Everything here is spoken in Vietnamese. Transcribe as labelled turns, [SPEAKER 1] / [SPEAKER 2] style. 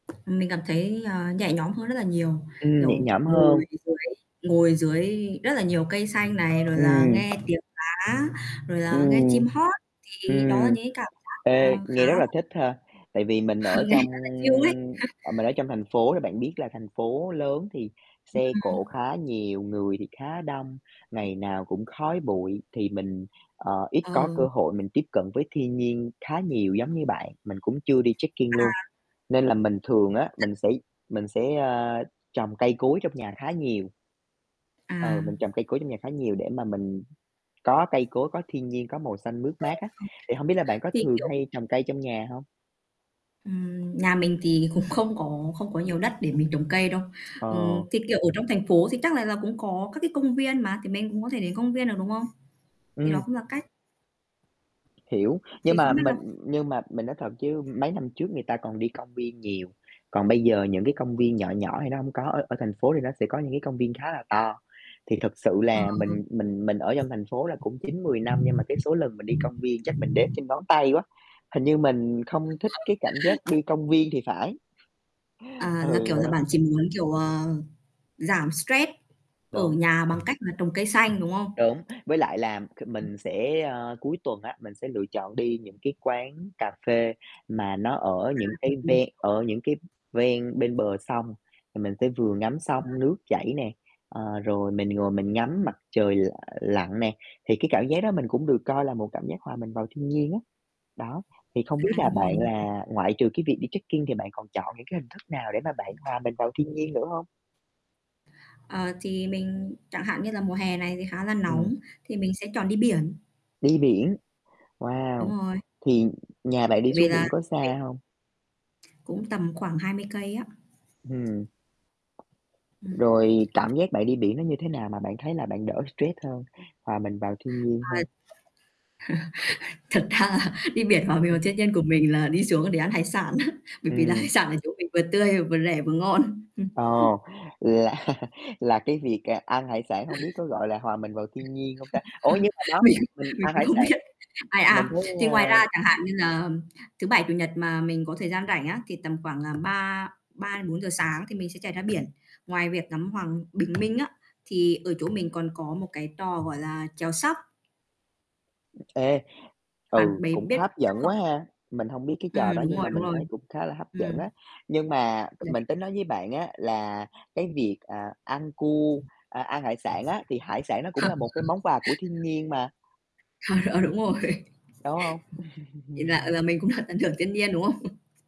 [SPEAKER 1] Mình cảm thấy, ờ, nhẹ nhõm hơn rất là nhiều,
[SPEAKER 2] Ừm, nhẹ
[SPEAKER 1] kiểu,
[SPEAKER 2] nhõm hơn.
[SPEAKER 1] ngồi dưới ngồi dưới rất là nhiều cây xanh này, rồi là
[SPEAKER 2] Ừm.
[SPEAKER 1] nghe tiếng lá, rồi là nghe
[SPEAKER 2] Ừm.
[SPEAKER 1] chim hót thì đó
[SPEAKER 2] Ừm,
[SPEAKER 1] những cái cảm giác, à,
[SPEAKER 2] ê,
[SPEAKER 1] khá
[SPEAKER 2] nghe rất là
[SPEAKER 1] là
[SPEAKER 2] thích ha, tại vì mình ở
[SPEAKER 1] Nghe
[SPEAKER 2] trong
[SPEAKER 1] rất là chill ấy.
[SPEAKER 2] à, mình ở trong thành phố thì bạn biết là thành phố lớn thì
[SPEAKER 1] Ừm.
[SPEAKER 2] xe cộ khá nhiều, người thì khá đông, ngày nào cũng khói bụi thì mình, ờ, ít có cơ
[SPEAKER 1] Ừ.
[SPEAKER 2] hội mình tiếp cận với thiên nhiên khá nhiều giống như bạn. Mình cũng chưa đi trekking luôn,
[SPEAKER 1] À.
[SPEAKER 2] nên là mình thường
[SPEAKER 1] Phong
[SPEAKER 2] á
[SPEAKER 1] cảnh.
[SPEAKER 2] mình sẽ mình sẽ, a, trồng cây cối trong nhà khá nhiều.
[SPEAKER 1] À.
[SPEAKER 2] Ờ, mình trồng cây cối trong nhà khá nhiều để mà mình có cây cối, có thiên nhiên, có màu xanh mướt mát á. Thì hông biết là bạn có
[SPEAKER 1] [unintelligible] Thì
[SPEAKER 2] thường
[SPEAKER 1] kiểu
[SPEAKER 2] hay trồng cây trong nhà hông?
[SPEAKER 1] Ừm, nhà mình thì cũng không có không có nhiều đất để mình trồng cây đâu.
[SPEAKER 2] Ờ.
[SPEAKER 1] Ừm, thì, kiểu, ở trong thành phố thì chắc là là cũng có các cái công viên mà, thì mình cũng có thể đến công viên được, đúng không? Thì đó
[SPEAKER 2] Ừm.
[SPEAKER 1] cũng là cách.
[SPEAKER 2] Hiểu, nhưng
[SPEAKER 1] Thì
[SPEAKER 2] mà
[SPEAKER 1] không biết là
[SPEAKER 2] mình nhưng mà mình nói thật chứ mấy năm trước người ta còn đi công viên nhiều, còn bây giờ những cái công viên nhỏ nhỏ thì nó hông có ở ở thành phố thì nó sẽ có những cái công viên khá là to, thì thật sự
[SPEAKER 1] Ờ.
[SPEAKER 2] là mình mình mình ở trong thành phố là cũng 9-10 năm nhưng mà cái số lần mình đi công viên chắc mình đếm trên ngón tay quá, hình như mình
[SPEAKER 1] Ờ.
[SPEAKER 2] không thích cái cảm giác đi công viên thì phải.
[SPEAKER 1] À, là
[SPEAKER 2] Ừ,
[SPEAKER 1] kiểu
[SPEAKER 2] mình
[SPEAKER 1] là
[SPEAKER 2] hổng
[SPEAKER 1] bạn
[SPEAKER 2] thích.
[SPEAKER 1] chỉ muốn kiểu, ờ, giảm stress ở
[SPEAKER 2] Đúng.
[SPEAKER 1] nhà bằng cách là trồng cây xanh, đúng không?
[SPEAKER 2] Đúng, với lại là c
[SPEAKER 1] Ừm.
[SPEAKER 2] mình sẽ, ơ, cuối tuần á, mình sẽ lựa chọn đi những cái quán cà phê mà nó ở
[SPEAKER 1] À,
[SPEAKER 2] những cái
[SPEAKER 1] ừm.
[SPEAKER 2] ven ở những cái ven bên bờ sông thì mình sẽ vừa ngắm
[SPEAKER 1] À.
[SPEAKER 2] sông nước chảy nè, ờ, rồi mình ngồi mình ngắm mặt trời l lặn nè, thì cái cảm giác đó mình cũng được coi là một cảm giác hòa mình vào thiên nhiên á, đó. Thì không biết
[SPEAKER 1] À,
[SPEAKER 2] là
[SPEAKER 1] đúng rồi,
[SPEAKER 2] bạn
[SPEAKER 1] đúng rồi.
[SPEAKER 2] là ngoại trừ cái việc đi trekking thì bạn còn chọn những cái hình thức nào để mà bạn hòa mình vào thiên nhiên nữa hông?
[SPEAKER 1] Ờ, thì mình chẳng hạn như là mùa hè này thì khá là
[SPEAKER 2] Ừm.
[SPEAKER 1] nóng thì mình sẽ chọn đi biển.
[SPEAKER 2] Đi biển, wow!
[SPEAKER 1] Đúng rồi.
[SPEAKER 2] Thì nhà bạn
[SPEAKER 1] Bởi
[SPEAKER 2] đi
[SPEAKER 1] vì
[SPEAKER 2] xuống
[SPEAKER 1] là,
[SPEAKER 2] biển có
[SPEAKER 1] biển
[SPEAKER 2] xa hông?
[SPEAKER 1] Cũng tầm khoảng 20 cây á.
[SPEAKER 2] Ừm.
[SPEAKER 1] Ừm.
[SPEAKER 2] Rồi cảm giác bạn đi biển nó như thế nào mà bạn thấy là bạn đỡ stress hơn, hoà mình vào thiên nhiên
[SPEAKER 1] Ờ.
[SPEAKER 2] hơn?
[SPEAKER 1] Thật ra là đi biển hòa
[SPEAKER 2] Ừm
[SPEAKER 1] mình vào
[SPEAKER 2] hứm.
[SPEAKER 1] thiên nhân của mình là đi xuống để ăn hải sản á, bởi vì là hải
[SPEAKER 2] Ừm.
[SPEAKER 1] sản ở chỗ mình vừa tươi vừa rẻ vừa ngon.
[SPEAKER 2] Ồ, là là cái việc, à, ăn hải sản hông biết có gọi là hòa mình vào thiên nhiên hông ta? Ủa nhưng mà đó
[SPEAKER 1] Mình
[SPEAKER 2] giờ mình
[SPEAKER 1] mình
[SPEAKER 2] ăn
[SPEAKER 1] cũng
[SPEAKER 2] hải
[SPEAKER 1] không
[SPEAKER 2] sản,
[SPEAKER 1] biết. Ai,
[SPEAKER 2] mình
[SPEAKER 1] à,
[SPEAKER 2] thấy,
[SPEAKER 1] thì
[SPEAKER 2] a
[SPEAKER 1] ngoài ra chẳng hạn như là thứ Bảy, Chủ nhật mà mình có thời gian rảnh á thì tầm khoảng, à, ba ba đến 4 giờ sáng thì mình sẽ chạy ra biển. Ngoài việc ngắm hoàng bình minh á, thì ở chỗ mình còn có một cái trò, gọi là, chèo SUP
[SPEAKER 2] Ê,
[SPEAKER 1] Bạn
[SPEAKER 2] ừ,
[SPEAKER 1] bề
[SPEAKER 2] cũng
[SPEAKER 1] biết chèo
[SPEAKER 2] hấp
[SPEAKER 1] SUP
[SPEAKER 2] dẫn
[SPEAKER 1] không?
[SPEAKER 2] quá ha, mình hông biết cái trò
[SPEAKER 1] Ừm,
[SPEAKER 2] đó
[SPEAKER 1] đúng
[SPEAKER 2] nhưng
[SPEAKER 1] rồi,
[SPEAKER 2] mà
[SPEAKER 1] đúng
[SPEAKER 2] mình
[SPEAKER 1] rồi.
[SPEAKER 2] thấy cũng khá là hấp dẫn
[SPEAKER 1] Ừm.
[SPEAKER 2] á. Nhưng mà
[SPEAKER 1] Đấy.
[SPEAKER 2] mình tính nói với bạn á là cái việc, ờ, ăn cu, à, ăn hải sản á, thì hải sản nó cũng là một cái món quà của thiên nhiên mà.
[SPEAKER 1] Ờ, ờ, đúng rồi,
[SPEAKER 2] Đúng không?
[SPEAKER 1] vậy là, ờ, là mình cũng được tận hưởng thiên nhiên, đúng không?